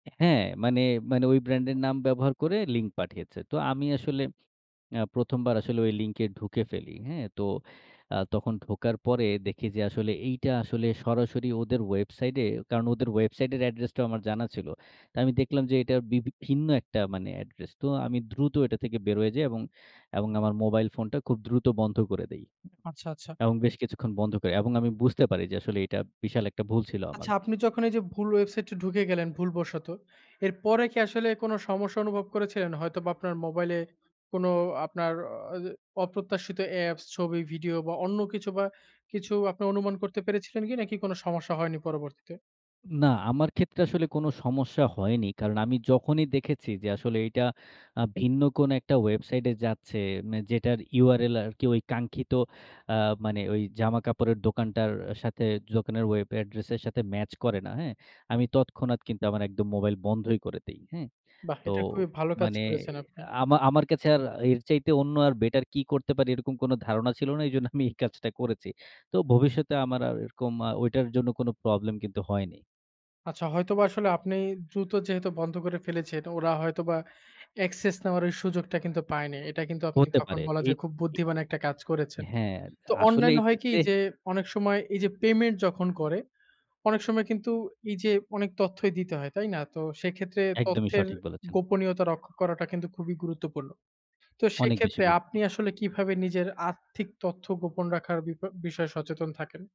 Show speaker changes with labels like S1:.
S1: হ্যাঁ, মানে, মানে, ওই ব্র্যান্ডের নাম ব্যবহার করে লিঙ্ক পাঠিয়েছে। তো আমি আসলে আ ১ম বার আসলে ওই লিংকে ঢুকে ফেলি হ্যাঁ, তো আ তখন ঢোকার পরে দেখি যে আসলে এইটা আসলে সরাসরি ওদের ওয়েবসাইটে কারণ ওদের ওয়েবসাইটের অ্যাড্রেসটাও আমার জানা ছিল। তো আমি দেখলাম যে এটা বিভি ভিন্ন একটা মানে অ্যাড্রেস। তো আমি দ্রুত এটা থেকে বের হয়ে যাই এবং, এবং, আমার মোবাইল ফোনটা খুব দ্রুত বন্ধ করে দেই
S2: আচ্ছা, আচ্ছা।
S1: এবং বেশ কিছুক্ষণ বন্ধ করে। এবং আমি বুঝতে পারি যে আসলে এটা বিশাল একটা ভুল ছিল আমার।
S2: আচ্ছা। আপনি যখন এই যে ভুল ওয়েবসাইটায় ঢুকে গেলেন ভুল বশত। এর পরে কি আসলে কোন সমস্যা অনুভব করেছিলেন? হয়তোবা আপনার মোবাইলে কোন আপনার আ অপ্রত্যাশিত অ্যাপস ছবি ভিডিও বা অন্য কিছু বা কিছু আপনি অনুমান করতে পেরেছিলেন কি নাকি কোন সমস্যা হয়নি পরবর্তীতে?
S1: না আমার ক্ষেত্রে আসলে কোন সমস্যা হয়নি। কারণ আমি যখনই দেখেছি যে আসলে এইটা আ ভিন্ন কোন একটা ওয়েবসাইটে যাচ্ছে। মানে যেটার URL আরকি ওই কাঙ্ক্ষিত আ মানে ওই জামা-কাপড়ের দোকানটার সাথে দোকানের ওয়েব এড্রেসের সাথে ম্যাচ করে না হ্যাঁ, আমি তৎক্ষণাৎ কিন্তু আমার একদম মোবাইল বন্ধই করে দেই হ্যাঁ,
S2: বাহ্
S1: তো
S2: এটা খুবই ভালো কাজ
S1: মানে
S2: করেছেন আপনি।
S1: আমা আমার, কাছে আর এর চাইতে অন্য আর বেটার কী করতে পারি এরকম কোন ধারণা ছিল না এজন্য আমি এই কাজটা করেছি। তো ভবিষ্যতে আমার আর এরকম আ ওইটার জন্য কোনো প্রবলেম কিন্তু হয়নি।
S2: আচ্ছা। হয়তোবা আসলে আপনি দ্রুত যেহেতু বন্ধ করে ফেলেছেন তো ওরা হয়তোবা অ্যাক্সেস নেওয়ার ওই সুযোগটা কিন্তু পায়নি। এটা কিন্তু আপনি
S1: হতে
S2: তখন
S1: পারে
S2: বলা
S1: এই,
S2: যায় খুব
S1: এ
S2: বুদ্ধিমান একটা কাজ করেছেন।
S1: হ্যাঁ
S2: তো
S1: আসলে
S2: অনলাইন
S1: এই
S2: হয় কি
S1: ক্ষেত্রে
S2: যে অনেক সময় এই যে পেমেন্ট যখন করে। অনেক সময় কিন্তু এই যে অনেক তথ্যই দিতে হয়। তাই না? তো সেক্ষেত্রে
S1: একদমই
S2: তথ্যের
S1: সঠিক বলেছেন।
S2: গোপনীয়তা রক্ষা করাটা কিন্তু খুবই গুরুত্বপূর্ণ। তো
S1: অনেক বেশি
S2: সেক্ষেত্রে
S1: গুরুত্ব
S2: আপনি আসলে কিভাবে নিজের আর্থিক তথ্য গোপন রাখার বিপা বিষয়ে সচেতন থাকেন?